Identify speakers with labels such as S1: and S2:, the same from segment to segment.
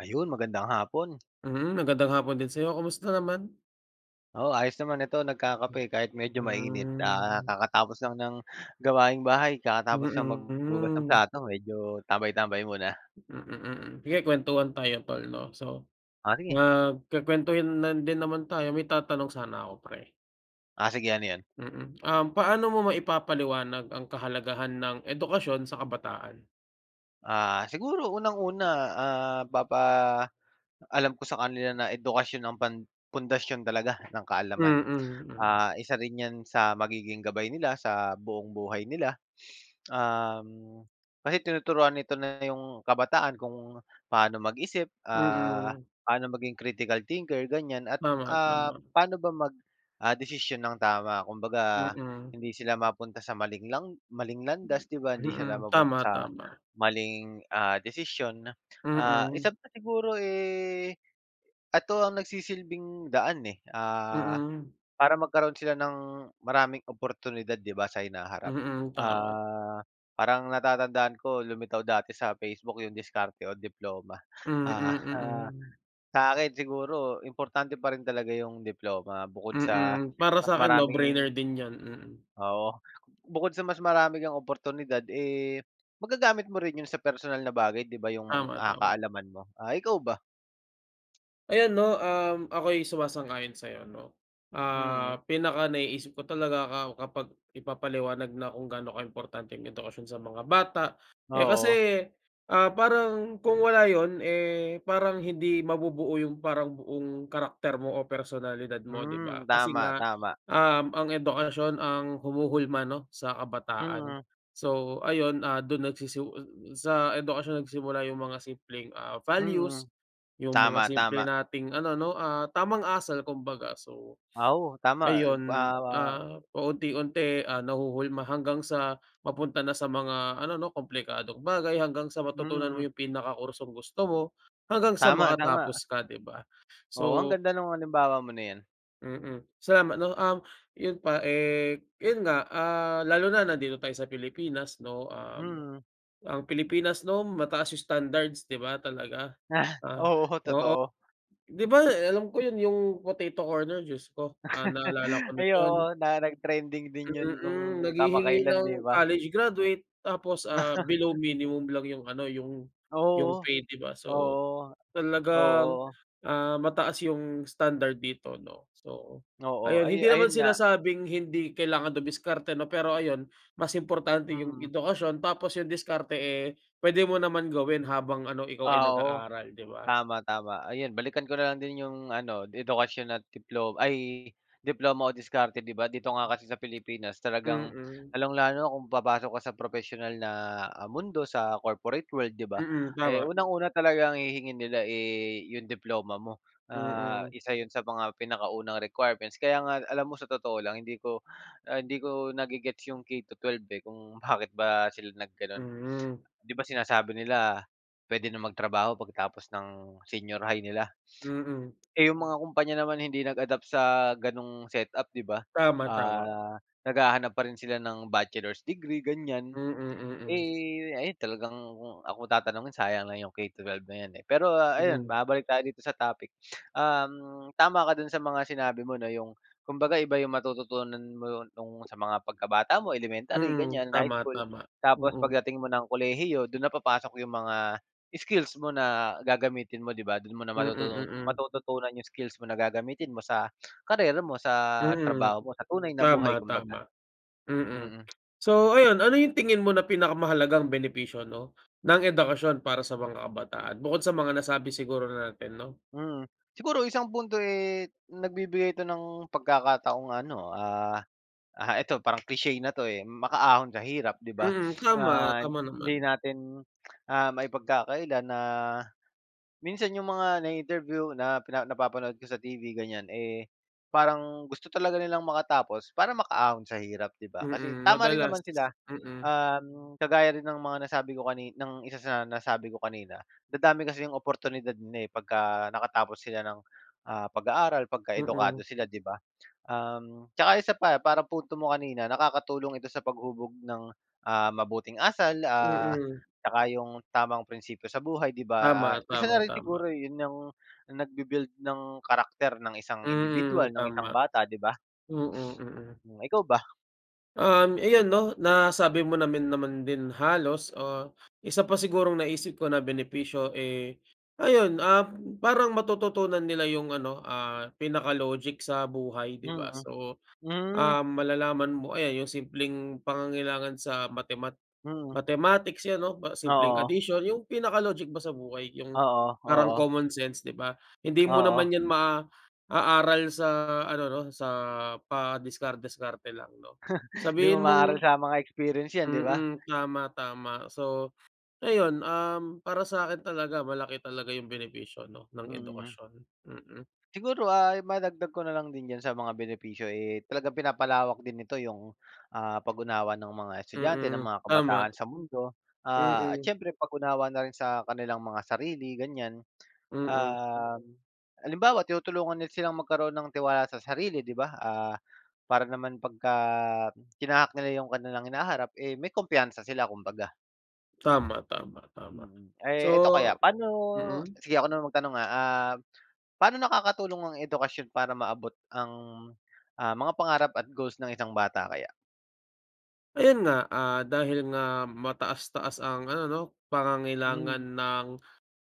S1: Ayun, magandang hapon.
S2: Mhm. Magandang hapon din sa'yo. Kumusta naman?
S1: Oo, ayos naman. Ito, nagkakape kahit medyo mainit. Ah,
S2: Hmm.
S1: kakatapos lang ng gawaing bahay, kakatapos lang
S2: Mm,
S1: maghugas ng
S2: hmm.
S1: plato. Medyo tambay-tambay muna.
S2: Mm, mm. Sige, kwentuhan tayo tol, 'no. So,
S1: Oh, sige.
S2: nagkukuwentuhan na din naman tayo, may tatanong sana ako pre.
S1: Ah, sige, ano 'yon?
S2: Mm. Um, paano mo maipapaliwanag ang kahalagahan ng edukasyon sa kabataan?
S1: Ah, siguro unang-una, ah, papaalam ko sa kanila na edukasyon ang pan pundasyon talaga ng kaalaman.
S2: Mm, mm.
S1: Ah, isa rin 'yan sa magiging gabay nila sa buong buhay nila. Um, kasi tinuturuan nito na yung kabataan, kung paano mag-isip, ah,
S2: Mm.
S1: paano maging critical thinker, ganyan, at,
S2: Tama,
S1: ah,
S2: tama.
S1: paano ba mag, ah, desisyon nang tama. Kumbaga,
S2: Mm.
S1: hindi sila mapunta sa maling lang maling landas, 'di ba? Hindi sila
S2: Mm.
S1: mapunta
S2: Tama,
S1: sa
S2: tama.
S1: maling, ah, desisyon. Ah,
S2: Mm.
S1: isa pa siguro, eh, ito ang nagsisilbing daan, eh, ah,
S2: Mm.
S1: para magkaroon sila ng maraming oportunidad 'di ba, sa hinaharap.
S2: Mm, tama.
S1: Ah, parang natatandaan ko, lumitaw dati sa Facebook 'yong diskarte o diploma. Ah,
S2: Mm,
S1: ha
S2: mm.
S1: sa akin siguro importante pa rin talaga 'yong diploma. Bukod sa
S2: Mm. Para
S1: mas
S2: sa'kin 'no, brainer
S1: maraming
S2: din 'yan, mm.
S1: oo. Bukod sa mas marami kang oportunidad, eh, magagamit mo rin yun sa personal na bagay, 'di ba yung mga,
S2: Tama,
S1: ah,
S2: tama.
S1: kaalaman mo. Ah, ikaw ba?
S2: Ay ano, um, ako'y sumasang-ayon sa'yo, 'no.
S1: Mm.
S2: Ah, pinaka naiisip ko talaga ka kapag ipapaliwanag na kung gaano kaimportante ang edukasyon sa mga bata, eh,
S1: Oo.
S2: kasi, ah, parang kung wala yun, eh, parang hindi mabubuo yung parang buong karakter mo o personalidad mo, 'di ba?
S1: Hmm,
S2: Kasi
S1: tama,
S2: nga,
S1: tama.
S2: um, ang edukasyon ang humuhulma 'no, sa kabataan.
S1: Mm.
S2: So, ayun, ah, do'n nagsisi sa edukasyon nagsimula yung mga simpleng, ah, values,
S1: Mm.
S2: yung mga
S1: Tama,
S2: simple
S1: tama.
S2: nating ano, 'no, ah, tamang asal, kumbaga. So,
S1: Ah, oo, tama. Eh, pa
S2: ayun, ah, paunti-unti, ah, nahuhulma hanggang sa mapunta na sa mga ano 'no, komplikadong bagay, hanggang sa matutunan mo
S1: Mm.
S2: yung pinaka kursong gusto mo, hanggang sa
S1: Tama, tama.
S2: makatapos ka, 'di ba?
S1: Oo, ang
S2: So
S1: ganda no'ng halimbawa mo na 'yan.
S2: Mm. Sa ma ano, um, yun pa, eh, 'yon nga, ah, lalo na nandito tayo sa Pilipinas, 'no? Um,
S1: Mm.
S2: ang Pilipinas 'no, mataas yung standards, 'di ba? Talaga. Ah,
S1: Oo,
S2: oo.
S1: totoo.
S2: 'Di ba, eh, alam ko 'yon 'yong Potato Corner, Diyos ko, ah, naalala ko
S1: Ay,
S2: din 'yon.
S1: oo, na nag-trending din yun, kung
S2: Mm, naghihingi
S1: kamakailan, 'di
S2: ng
S1: ba?
S2: college graduate tapos, ah, below minimum lang 'yong ano 'yong
S1: Ah,
S2: 'yong
S1: oo.
S2: pay, 'di ba? So,
S1: Oo.
S2: talagang,
S1: Oo.
S2: ah, mataas 'yong standard dito, 'no. So,
S1: Oo,
S2: ayon.
S1: ayu
S2: Hindi naman
S1: ayun nga.
S2: sinasabing hindi kailangan dumiskarte 'no, pero ayun, mas importante 'yong
S1: Mm.
S2: edukasyon tapos 'yong diskarte, eh, puwede mo naman gawin habang ano, ikaw ay
S1: Ah, oo.
S2: nag-aaral, 'di ba?
S1: Tama, tama. Ayun, balikan ko na lang din 'yong ano, edukasyon at diplo ay, diploma o diskarte. 'Di ba, dito nga kasi sa Pilipinas talagang
S2: Mm.
S1: lalong lalo na kung papasok ka sa propesyonal na, ah, mundo, sa corporate world, 'di ba?
S2: Mm,
S1: Eh,
S2: tama.
S1: unang-una talagang hihingiin nila, eh, 'yong diploma mo. Ah,
S2: Mm.
S1: isa 'yon sa mga pinakaunang requirements. Kaya nga alam mo, sa totoo lang, hindi ko ah, hindi ko nage-gets 'yong K-12, eh, kung bakit ba sila naggano'n.
S2: Hmm.
S1: 'Di ba sinasabi nila, puwede nang magtrabaho pagkatapos ng senior high nila.
S2: Mm.
S1: Eh, yung mga kumpanya naman hindi nag-adapt sa ganong setup, 'di ba.
S2: Tama, tama.
S1: Ah, naghahanap pa rin sila ng bachelor's degree,
S2: Mm,
S1: ganyan.
S2: mm.
S1: Eh, ayan, talagang kung ako tatanungin, sayang lang 'yong K-12 na 'yan, eh. Pero ayun,
S2: Hmm.
S1: babalik tayo dito sa topic. Um, tama ka do'n sa mga sinabi mo na 'yong kumbaga iba 'yong matututunan mo no'ng sa mga pagkabata mo, elementary
S2: Mm.
S1: ganyan, high
S2: Tama,
S1: school,
S2: tama.
S1: tapos
S2: Mm.
S1: pagdating mo ng kolehiyo, do'n na papasok 'yong mga skills mo na gagamitin mo, 'di ba? Do'n mo na
S2: Mm,
S1: matutu
S2: mm.
S1: matututunan 'yong skills mo na gagamitin mo sa karera mo, sa
S2: Mm.
S1: trabaho mo. Sa tunay na
S2: Tama,
S1: buhay, kumbaga.
S2: tama. Mm.
S1: Mm.
S2: So ayon, ano yung tingin mo na pinakamahalagang benepisyo 'no, ng edukasyon para sa mga kabataan? Bukod sa mga nasabi siguro natin, 'no?
S1: Mm. Siguro isang punto, eh, nagbibigay ito ng pagkakataong ano, ah, ah, ito parang cliche na 'to, eh, makaahon sa hirap, 'di ba?
S2: Mm, tama.
S1: Ah,
S2: Tama
S1: hindi
S2: naman.
S1: natin, ah, maipagkakaila na, minsan 'yong mga nai-interview na pina napapanood ko sa TV, ganyan, eh, parang gusto talaga nilang makatapos para makaahon sa hirap, 'di ba? Kasi
S2: Mm,
S1: tama rin
S2: madalas.
S1: naman sila.
S2: Mm.
S1: Um, kagaya rin ng mga nasabi ko kani ng isa sa nasabi ko kanina, dadami kasi yung oportunidad na eh, pagka nakatapos sila ng, ah, pag-aaral, pagka edukado
S2: Mm.
S1: sila, 'di ba? Um, tsaka isa pa, parang punto mo kanina, nakakatulong ito sa paghubog ng, ah, mabuting asal, ah,
S2: Mm.
S1: tsaka yung tamang prinsipiyo sa buhay, 'di ba? Ah,
S2: Tama,
S1: isa na
S2: tama,
S1: rin
S2: tama.
S1: siguro yun yung, nagbi-build ng karakter ng isang indibidwal,
S2: Mm,
S1: ng isang
S2: tama.
S1: bata, 'di ba?
S2: Mm, mm.
S1: Hmm, ikaw ba?
S2: Um, ayun 'no, nasabi mo namin naman din halos, ah, isa pa sigurong naisip ko na benepisyo, eh, ayun, um, parang matututunan nila yung ano, ah, pinaka logic sa buhay, 'di ba?
S1: Mm.
S2: So,
S1: Hmm.
S2: ah, malalaman mo ayan, yung simpleng pangangailangan sa mathemat
S1: Mm.
S2: mathematics, 'yan 'no. Pa simpleng
S1: Oo.
S2: addition, yung pinaka logic ba sa buhay, yung
S1: Oo,
S2: parang
S1: oo.
S2: common sense, 'di ba? Hindi mo
S1: Oo.
S2: naman yan maaaral sa ano 'no, sa padiskar-diskarte lang, 'no?
S1: Hindi mo
S2: Sabihin
S1: maaral
S2: mong
S1: sa mga experience 'yan, 'di ba?
S2: mm, tama, tama. So, ayun, um, para sa'kin talaga malaki talaga yung benepisyo 'no, ng
S1: Mm.
S2: edukasyon. Mm.
S1: Siguro, ah, madagdag ko na lang din diyan sa mga benepisyo, eh, talagang pinapalawak din nito 'yong, ah, pag-unawa ng mga estudyante, ng
S2: Mm,
S1: mga
S2: tama.
S1: kabataan, sa mundo, ah, at
S2: Mm.
S1: siyempre, pag-unawa na rin sa kanilang mga sarili, ganyan.
S2: Mm.
S1: Um, halimbawa, tinutulungan nila silang magkaroon ng tiwala sa sarili, 'di ba? Ah, para naman pagka tinahak nila 'yong kanilang hinaharap, eh, may kumpiyansa sila kumbaga.
S2: Tama, tama, tama.
S1: Mm. Eh, eto kaya,
S2: So
S1: pa'no
S2: mm?
S1: sige, ako naman magtanong ah. Ah, pa'no nakakatulong ang edukasyon para maabot ang, ah, mga pangarap at goals ng isang bata kaya?
S2: Ayun nga, ah, dahil nga mataas-taas ang ano 'no, pangangailangan
S1: Hmm.
S2: ng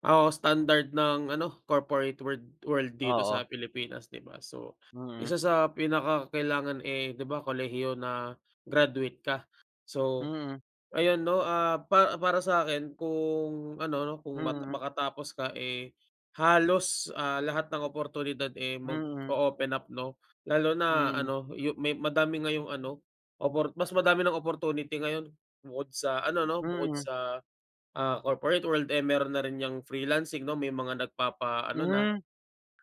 S2: o standard ng ano, corporate world world dito
S1: Oo.
S2: sa Pilipinas, 'di ba. So,
S1: Mm.
S2: isa sa pinakakailangan, eh, 'di ba, kolehiyo na, graduate ka. So,
S1: Mm.
S2: ayun 'no, ah, pa para sa'kin kung, ano 'no, kung ma
S1: Mm.
S2: makatapos ka, eh, halos, ah, lahat ng oportunidad, eh,
S1: Mm.
S2: mag-o-open up, 'no. Lalo na
S1: Mm.
S2: ano, yu may madami ngayong ano, opor mas madami ng opportunity ngayon. Bukod sa ano 'no, bukod
S1: Mm.
S2: sa, ah, corporate world, eh, meron na rin 'yang freelancing 'no, may mga nagpapa ano na
S1: Hmm.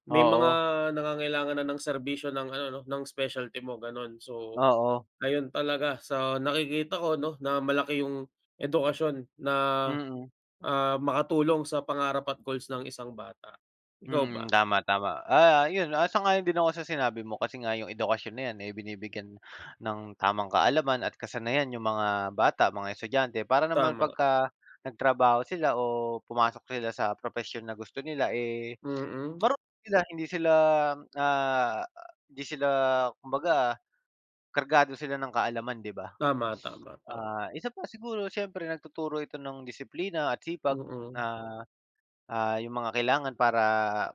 S2: may mga
S1: Oo.
S2: nangangailangan na ng serbisyo ng ano 'no, ng specialty mo, ganun. So,
S1: Oo.
S2: ayun talaga sa nakikita ko 'no, na malaki yung edukasyon na,
S1: Mm.
S2: ah, makatulong sa pangarap at goals ng isang bata. Ikaw
S1: Mm.
S2: ba?
S1: Tama, tama. Ah, 'yon, ah, sang-ayon din ako sa sinabi mo kasi nga 'yong edukasyon na 'yan, eh, binibigyan ng tamang kaalaman at kasanayan yung mga bata, mga estudyante, para naman
S2: Tama.
S1: pagka nagtrabaho sila o pumasok sila sa propesyon na gusto nila, eh,
S2: Mm.
S1: marunong sila, hindi sila, ah, hindi sila kumbaga, kargado sila ng kaalaman, 'di ba?
S2: Tama, tama, tama.
S1: Ah, isa pa, siguro siyempre nagtuturo ito ng disiplina at sipag,
S2: Mm.
S1: ah, ah 'yong mga kailangan para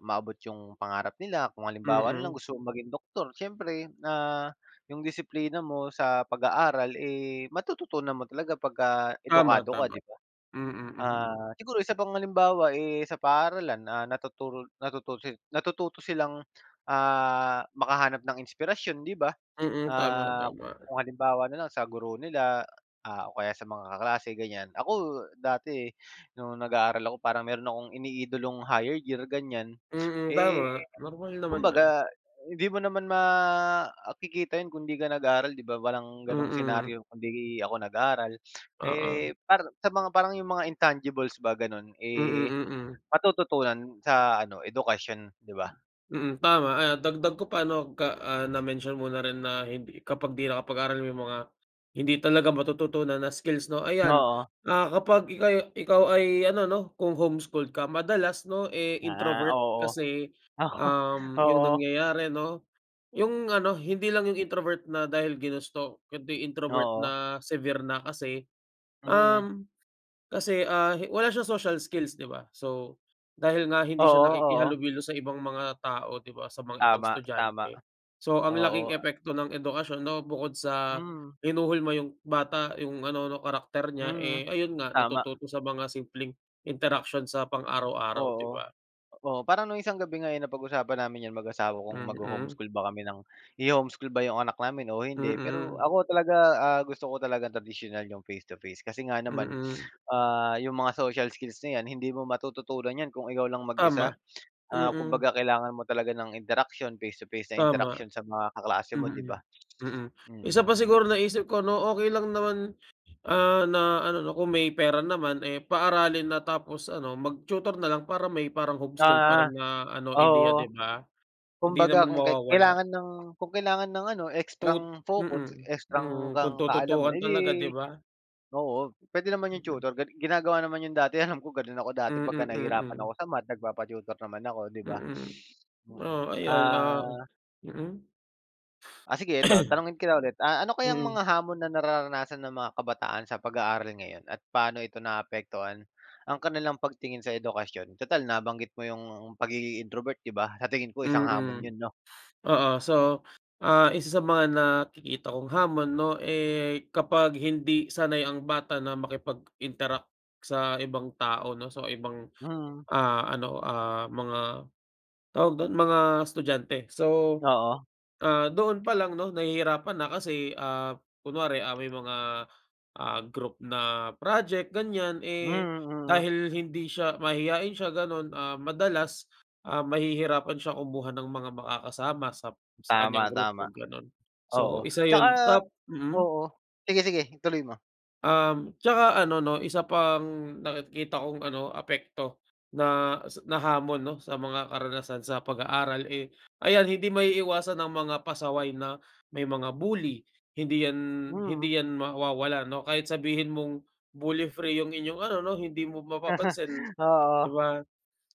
S1: maabot 'yong pangarap nila. Kung halimbawa na lang
S2: Mm.
S1: gusto mong maging doktor, siyempre, ah, 'yong disiplina mo sa pag-aaral, eh, matututunan mo talaga pagka
S2: Tama,
S1: edukado ka,
S2: tama.
S1: 'di ba?
S2: Mm, mm.
S1: Ah, siguro isa pang halimbawa, eh, sa paaralan, ah, natuturo natututo natututo silang, ah, makahanap ng inspirasyon, 'di ba?
S2: Mm, tama,
S1: Ah,
S2: tama.
S1: kung halimbawa na lang sa guro nila, ah, o kaya sa mga kaklase, ganyan. Ako dati no'ng nag-aaral ako, parang meron akong iniidolong higher year, ganyan.
S2: Mm,
S1: Eh,
S2: tama. Normal naman yun.
S1: kumbaga, hindi mo naman makikita 'yon kung 'di ka nag-aaral, 'di ba? Walang ganong
S2: Mm.
S1: senaryo kung 'di ako nag-aral.
S2: Oo.
S1: Eh, para sa mga parang 'yong mga intangibles ba, gano'n, eh,
S2: Mm, mm.
S1: matututunan sa ano, edukasyon, 'di ba?
S2: Mm, tama. Ayun, dagdag ko pa 'no, ka ah, na-mention mo rin na hindi kapag 'di nakapag-aral may mga, hindi talaga matututunan na skills, 'no. Ayan,
S1: Oo.
S2: ah, kapag ikaw yu ikaw ay ano 'no, kung home-schooled ka, madalas 'no, eh,
S1: Ah,
S2: introvert
S1: oo.
S2: kasi,
S1: Oo.
S2: um, yung
S1: Oo.
S2: nangyayari 'no, yung ano, hindi lang yung introvert na dahil ginusto, kundi introvert
S1: Oo.
S2: na severe na. Kasi,
S1: Mm.
S2: um, kasi, ah, wala siyang social skills, 'di ba? So, dahil nga hindi siya
S1: Oo, oo.
S2: nakikihalubilo sa ibang mga tao, 'di ba, sa mga ibang
S1: Tama, tama.
S2: estudyante. So, ang laking
S1: Oo.
S2: epekto ng edukasyon 'no, bukod sa
S1: Hmm.
S2: hinuhulma 'yong bata, 'yong ano 'no, karakter niya,
S1: Mm.
S2: eh, ayun nga,
S1: Tama.
S2: natututo sa mga simpleng interaction sa pang-araw-araw, 'di
S1: Oo.
S2: ba?
S1: Oh, parang noong isang gabi nga, eh, napag-usapan namin 'yan mag-asawa kung
S2: Mm.
S1: magho-homeschool ba kami ng iho-homeschool ba 'yong anak namin o hindi, pero
S2: Mm.
S1: ako talaga, ah, gusto ko talagang tradisyonal, 'yong face-to-face. Kasi nga naman,
S2: Mm.
S1: ah, 'yong mga social skills na 'yan, hindi mo matututunan 'yan kung ikaw lang mag-isa.
S2: Tama.
S1: Ah,
S2: Mm.
S1: kumbaga, kailangan mo talaga ng interaksiyon, face-to-face na
S2: Tama.
S1: interaksiyon sa mga kaklase mo, 'di ba?
S2: Mm. Mm. Isa pa
S1: Mm, yun
S2: siguro
S1: nam
S2: naisip ko 'no, okey lang naman, ah, na ano 'no, kung may pera naman, eh, paaralin na tapos ano, mag-tutor na lang para may parang homeschool pa
S1: Ah.
S2: rin na ano, ideya, 'di
S1: Oo.
S2: ba? Hindi
S1: Kumbaga,
S2: naman
S1: kung kai
S2: mawawala.
S1: kailangan ng kung kailangan ng ano,
S2: Tut
S1: extrang
S2: mm.
S1: focus, extrang
S2: Mm, kung
S1: kang kaalaman,
S2: tututukan
S1: edi
S2: talaga, 'di ba?
S1: oo, puwede naman 'yong
S2: Mm.
S1: tutor, gan ginagawa naman 'yon dati. Alam ko, gano'n ako dati pagka
S2: Mm,
S1: nahirapan ako
S2: mm.
S1: sa math, nagpapa-tutor naman ako, 'di ba?
S2: Mm.
S1: Mm,
S2: Oh, ayon, ah
S1: ah
S2: mm?
S1: Ah, sige eto, tanungin kita ulit, ah, ano kayang
S2: Mm.
S1: mga hamon na nararanasan ng mga kabataan sa pag-aaral ngayon, at paano ito naapektuhan, ang kanilang pagtingin sa edukasyon? Tutal nabanggit mo 'yong pagiging introvert, 'di ba? Sa tingin ko isang hamon
S2: Mm.
S1: 'yon, 'no?
S2: Oo. So, ah, isa sa mga nakikita kong hamon 'no, eh, kapag hindi sanay ang bata na makipag-interact sa ibang tao 'no, sa ibang,
S1: Mm.
S2: ah, ano, ah, mga, tawag do'n, mga estudyante. So,
S1: Oo.
S2: ah, doon pa lang 'no, nahihirapan na kasi, ah, kunwari, ah, may mga, ah, group na, project ganyan,
S1: Hmm,
S2: eh,
S1: mm, hmm.
S2: dahil hindi siya mahiyain siya ganun, ah, madalas, ah, mahihirapan siyang kumuha ng mga makakasama sa sa
S1: Tama,
S2: kanyang
S1: tama.
S2: grupo, ganun. So
S1: Oo,
S2: isa
S1: tsaka
S2: yun, tap mm?
S1: oo. Sige, sige, ituloy mo.
S2: Um, tsaka ano 'no, isa pang nakikita kong ano, apekto na s na hamon 'no, sa mga karanasan sa pag-aaral, eh, ayan, hindi maiiwasan ang mga pasaway na, may mga bully. Hindi 'yan
S1: Mm.
S2: hindi 'yan mawawala 'no. Kahit sabihin mong bully free 'yong inyong ano 'no, hindi mo mapapansin,
S1: Oo.
S2: 'di ba?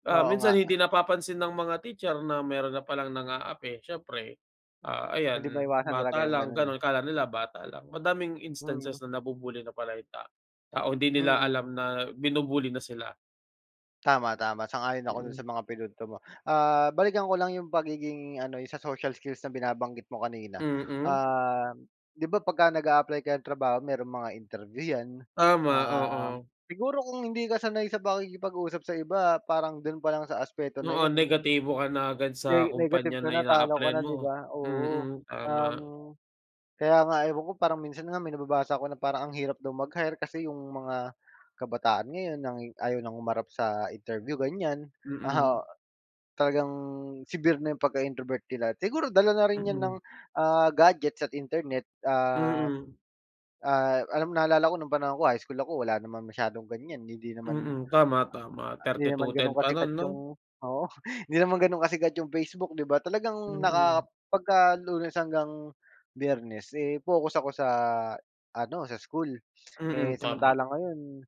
S2: Ah,
S1: Oo
S2: minsan
S1: nga.
S2: hindi napapansin ng mga teacher na meron na palang nang-aapi. Siyempre, ah,
S1: Hindi
S2: ayan,
S1: maiwasan talaga
S2: bata
S1: 'yong
S2: lang
S1: gano'n, eh.
S2: ganun. Akala nila bata lang, madaming
S1: Mm.
S2: instances na nabu-bully na pala yung ta tao. Hindi nila
S1: Mm.
S2: alam na binu-bully na sila.
S1: Tama, tama. Sang-ayon ako do'n
S2: Mm.
S1: sa mga pinunto mo. Ah, balikan ko lang 'yong pagiging ano, 'yong sa social skills na binabanggit mo kanina.
S2: Mm.
S1: Ah, 'di ba pagka nag-a-apply ka ng trabaho mayroong mga interview 'yan,
S2: Tama,
S1: um,
S2: oo.
S1: siguro kung hindi ka sanay sa pakikipag-usap sa iba, parang do'n pa lang sa aspeto na
S2: Oo,
S1: 'yon
S2: negatibo ka na agad sa
S1: ne negative
S2: kumpanya
S1: ka
S2: na
S1: na, talo ka
S2: ina-apply-an
S1: na, 'di
S2: mo.
S1: ba? Oo.
S2: Mm. Tama.
S1: Um, kaya nga ewan ko parang minsan nga may nababasa ako na parang, ang hirap daw mag-hire kasi 'yong mga, kabataan ngayon nang ayaw nang humarap sa interview, ganyan. Oo.
S2: Mm.
S1: Talagang severe na 'yong pagka-introvert nila. Siguro dala na rin 'yan ng,
S2: Mm.
S1: ah, gadgets at Internet. Ah.
S2: Mm.
S1: Ah, alam mo, naalala ko no'ng panahon ko, high school ako, wala naman masyadong ganyan, hindi naman
S2: Mm, tama, tama.
S1: Hindi
S2: thirty two
S1: naman
S2: ten
S1: ganun
S2: pa no'n,
S1: kasikat
S2: 'no?
S1: 'yong oo, hindi naman ganun kasikat 'yong Facebook, 'di ba? Talagang
S2: Mm.
S1: naka pagka Lunes hanggang Biyernes, eh, focus ako sa ano, sa school. Eh,
S2: Mm, tama.
S1: samantala ngayon,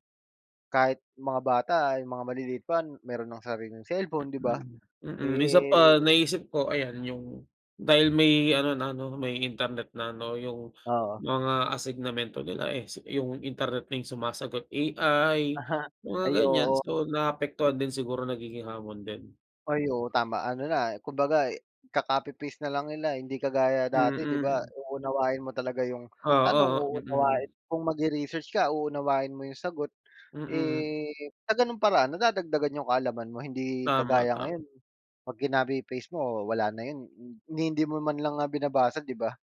S1: kahit mga bata, yung mga maliliit pa, meron ng sariling cellphone, 'di ba?
S2: Mm. Mm. Isa pa,
S1: Eh
S2: naisip ko ayan, yung, dahil may ano na 'no, may Internet na 'no, yung
S1: Oo.
S2: mga asignamento nila, eh, si yung Internet na yung sumasagot, AI, mga
S1: Ay,
S2: ganyan.
S1: oo.
S2: So naapektuhan din siguro, nagiging hamon din.
S1: Ay, oo, tama. Ano na, kumbaga, ika-copy-paste na lang nila, hindi kagaya dati, 'di ba
S2: Mm.
S1: uunawain mo talaga 'yong
S2: Oo,
S1: tanong,
S2: oh, mm.
S1: uunawain kung magre-research ka, uunawain mo 'yong sagot.
S2: Mm.
S1: Eh, sa ganung paraan, nadadagdagan 'yong kaalaman mo. Hindi
S2: Tama,
S1: kagaya
S2: tama.
S1: ngayon, 'pag kinopy-paste mo, wala na 'yon, ni hindi mo man lang nga binabasa, 'di ba?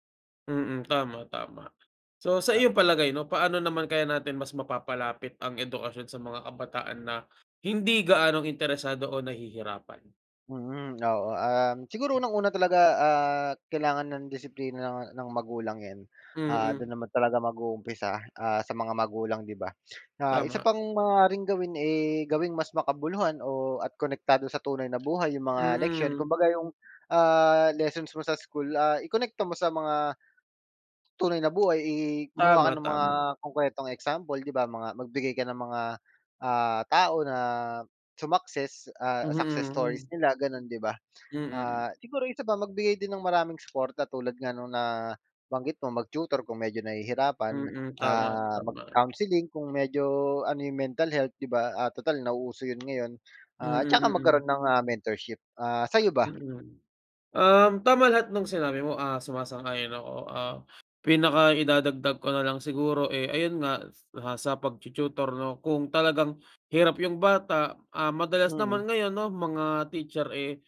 S2: Mm, tama, tama. So sa
S1: Oo.
S2: iyong palagay 'no, paano naman kaya natin mas mapapalapit ang edukasyon sa mga kabataan na, hindi gaanong interesado o nahihirapan?
S1: Mm, oo. Um, siguro unang-una talaga, ah, kailangan ng disiplina ng ng magulang 'yan. Ah, do'n
S2: Mm.
S1: naman talaga mag-uumpisa, ah, sa mga magulang, 'di ba? Ah, isa
S2: Tama.
S1: pang maaaring gawin, eh, gawing mas makabuluhan o at konektado sa tunay na buhay 'yong mga leksiyon.
S2: Mm.
S1: Kumbaga 'yong, ah, lessons mo sa school, ah, ikonekta mo sa mga, tunay na buhay, i gumawa ka
S2: Tama,
S1: ng mga
S2: tama.
S1: konkretong example, 'di ba. Mga magbigay ka ng mga, ah, tao na sumakses, ah,
S2: Mhm,
S1: success stories
S2: hmm.
S1: nila, ganon, 'di ba?
S2: Mm.
S1: Ah, siguro isa pa, magbigay din ng maraming supporta, tulad nga no'ng nabanggit mo, mag-tutor kung medyo nahihirapan.
S2: Mm, tama,
S1: Ah,
S2: tama.
S1: mag-counseling, kung medyo ano yung mental health, 'di ba. Ah, tutal nauuso yun ngayon.
S2: Mm,
S1: Ah, tsaka
S2: mm.
S1: magkaroon ng, ah, mentorship. Ah, sa'yo ba?
S2: Mm. Um, tama lahat no'ng sinabi mo, ah, sumasang-ayon ako. Ah, pinaka idadagdag ko na lang siguro, eh, ayun nga, sa pagtu-tutor 'no, kung talagang hirap yung bata, ah, madalas naman
S1: Mm.
S2: ngayon 'no, mga teacher, eh,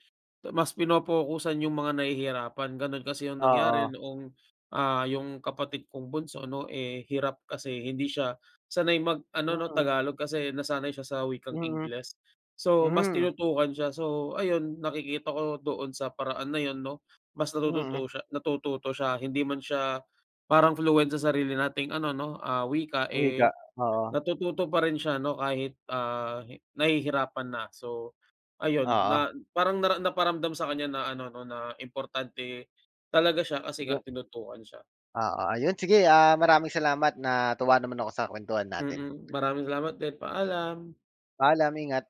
S2: mas pinopokusan yung mga nahihirapan. Ganun kasi yung nangyari
S1: Oo.
S2: noong, ah, yung kapatid kong bunso 'no, eh, hirap kasi hindi siya sanay mag-ano, 'no,
S1: Mm.
S2: Tagalog. Kasi nasanay siya sa wikang
S1: Mm.
S2: Ingles. So mas
S1: Hmm.
S2: tinutukan siya. So, ayun nakikita ko doon sa paraan na 'yon, 'no, mas
S1: Mm.
S2: natututo siya natututo siya. Hindi man siya parang fluent sa sarili nating ano 'no, ah, wika,
S1: Uy, ga
S2: eh,
S1: oo.
S2: natututo pa rin siya 'no, kahit, ah, hi nahihirapan na. So, ayun
S1: Oo.
S2: na parang nara naparamdam sa kanya na ano 'no, na importante, talaga siya kasi nga
S1: Yu
S2: tinutukan siya.
S1: Oo. Ayun sige, ah, maraming salamat. Natuwa naman ako sa kwentuhan natin.
S2: Mm. Maraming salamat din. Paalam.
S1: Paalam, ingat.